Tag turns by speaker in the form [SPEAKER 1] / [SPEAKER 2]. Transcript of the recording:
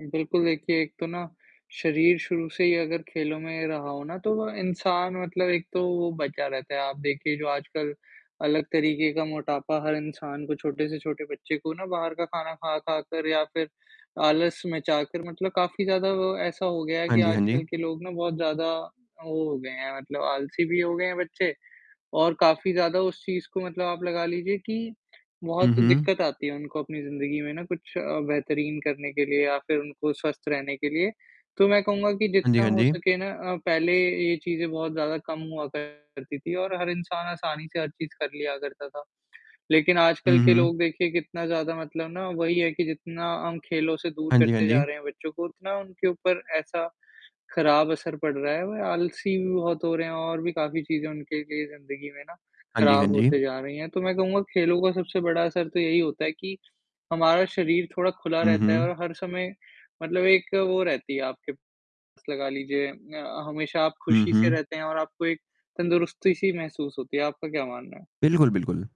[SPEAKER 1] बिल्कुल, देखिए एक तो ना, शरीर शुरू से ही अगर खेलों में रहा हो ना तो वो इंसान मतलब एक तो वो बचा रहता है आप देखिए जो आजकल, अलग तरीके का मोटापा हर इंसान को, छोटे से छोटे बच्चे को ना बाहर का खाना खा खा कर या फिर आलस मचाकर मतलब काफ़ी ज़्यादा वो ऐसा हो गया है
[SPEAKER 2] हाँ
[SPEAKER 1] कि
[SPEAKER 2] जी, हाँ जी।
[SPEAKER 1] आजकल के लोग ना बहुत ज़्यादा, वो हो गए हैं मतलब आलसी भी हो गए हैं बच्चे और काफ़ी ज़्यादा उस चीज़ को मतलब आप लगा लीजिए कि, बहुत
[SPEAKER 2] हुँ, हुँ।
[SPEAKER 1] दिक्कत आती है उनको अपनी ज़िंदगी में ना कुछ बेहतरीन करने के लिए या फिर उनको स्वस्थ रहने के लिए, तो मैं कहूँगा कि
[SPEAKER 2] हाँ जी,
[SPEAKER 1] जितना
[SPEAKER 2] हाँ
[SPEAKER 1] हो
[SPEAKER 2] जी।
[SPEAKER 1] सके ना अ, पहले ये चीज़ें बहुत ज़्यादा कम हुआ करती थी और हर इंसान आसानी से हर चीज़ कर लिया करता था, लेकिन आजकल
[SPEAKER 2] हुँ,
[SPEAKER 1] के
[SPEAKER 2] हुँ।
[SPEAKER 1] लोग देखिए कितना ज़्यादा मतलब ना वही है कि जितना हम खेलों से दूर
[SPEAKER 2] हाँ जी, हाँ
[SPEAKER 1] करते
[SPEAKER 2] जी।
[SPEAKER 1] जा रहे हैं बच्चों को, उतना उनके ऊपर ऐसा खराब असर पड़ रहा है, वो आलसी भी बहुत हो रहे हैं और भी काफ़ी चीज़ें उनके लिए ज़िंदगी में ना,
[SPEAKER 2] हाँ जी, हाँ
[SPEAKER 1] खराब
[SPEAKER 2] जी।
[SPEAKER 1] होती जा रही हैं। तो मैं कहूँगा खेलों का सबसे बड़ा असर तो यही होता है कि, हमारा शरीर थोड़ा खुला
[SPEAKER 2] हुँ,
[SPEAKER 1] रहता है और
[SPEAKER 2] हुँ।
[SPEAKER 1] हर समय मतलब एक वो रहती है आपके पास लगा लीजिए अ, हमेशा आप
[SPEAKER 2] हुँ,
[SPEAKER 1] खुशी से
[SPEAKER 2] हुँ।
[SPEAKER 1] रहते हैं और आपको एक तंदुरुस्ती-सी महसूस होती है। आपका क्या मानना है?
[SPEAKER 2] बिल्कुल, बिल्कुल।